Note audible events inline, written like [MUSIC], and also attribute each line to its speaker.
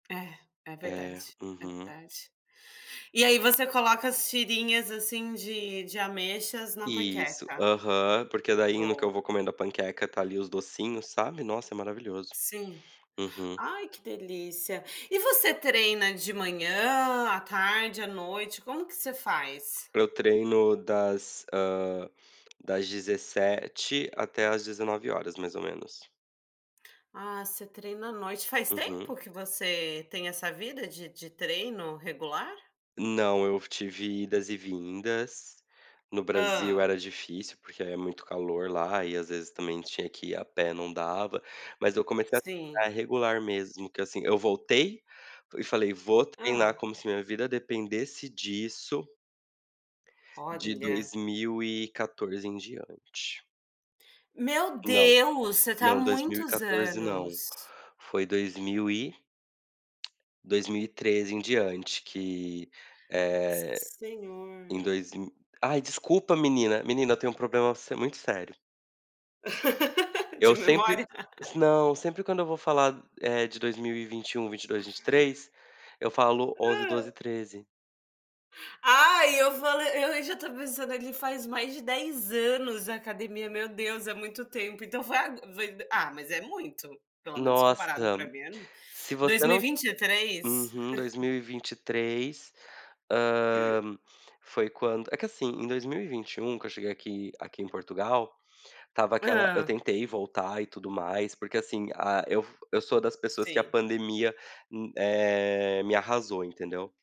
Speaker 1: É, é
Speaker 2: É,
Speaker 1: verdade, é
Speaker 2: uhum.
Speaker 1: verdade. E aí você coloca as "tirinhas", assim, de de ameixas na
Speaker 2: Isso.
Speaker 1: panqueca?
Speaker 2: Aham, porque, daí, no que eu
Speaker 1: Boa.
Speaker 2: vou comendo a panqueca. Tá, ali, os docinhos, sabe. Nossa, maravilhoso.
Speaker 1: Sim.
Speaker 2: Uhum
Speaker 1: Ai que delícia. E você treina de manhã, à tarde, à noite, como que você faz?
Speaker 2: Eu treino das hã, das 17 até às 19h mais ou menos.
Speaker 1: Ah, você treina à noite. Faz
Speaker 2: Uhum.
Speaker 1: tempo que você tem essa vida de de treino regular?
Speaker 2: Não. Eu tive idas e vindas. No Brasil
Speaker 1: Hã.
Speaker 2: era difícil, porque é muito calor lá, e às vezes, também tinha que ir a pé não dava. Mas, eu comecei a ficar
Speaker 1: Sim.
Speaker 2: regular mesmo que assim. Eu voltei, e falei: "Vou treinar
Speaker 1: Hã.
Speaker 2: como se minha vida dependesse disso" "de
Speaker 1: Olha.
Speaker 2: 2014 em diante.
Speaker 1: Meu
Speaker 2: Não,
Speaker 1: Deus! Você tá há
Speaker 2: não dois mil e
Speaker 1: muitos
Speaker 2: quatorze não.
Speaker 1: anos.
Speaker 2: Foi dois mil e 2013 em diante que, eh
Speaker 1: Senhor.
Speaker 2: Em dois mi Ai desculpa menina! Menina eu tenho um problema se muito sério.
Speaker 1: [LAUGHS] De
Speaker 2: Eu sempre
Speaker 1: memória? [LAUGHS]
Speaker 2: Não, sempre quando eu vou falar, eh, de 2021, 22, 23. Eu falo: "11,
Speaker 1: Hã.
Speaker 2: 12, 13"
Speaker 1: Ah eu fale e u já tô pensando, ele faz mais de 10 anos academia. Meu Deus é muito tempo. Então foi ago foi ah mas é muito. Pelo menos
Speaker 2: Nossa!
Speaker 1: comparado pra mim é m
Speaker 2: Se
Speaker 1: dois
Speaker 2: você
Speaker 1: mil e
Speaker 2: não
Speaker 1: vinte e três?
Speaker 2: Uhum dois
Speaker 1: [CHUCKLES]
Speaker 2: mil e vinte e três. Hã, foi quando é que assim, em 2021 que eu cheguei aqui aqui em Portugal. Estava aquela eu
Speaker 1: Hã.
Speaker 2: tentei voltar e tudo mais. Porque, assim, ah, eu eu sou das pessoas que a
Speaker 1: Sim.
Speaker 2: pandemia, um eh, me arrasou entendeu.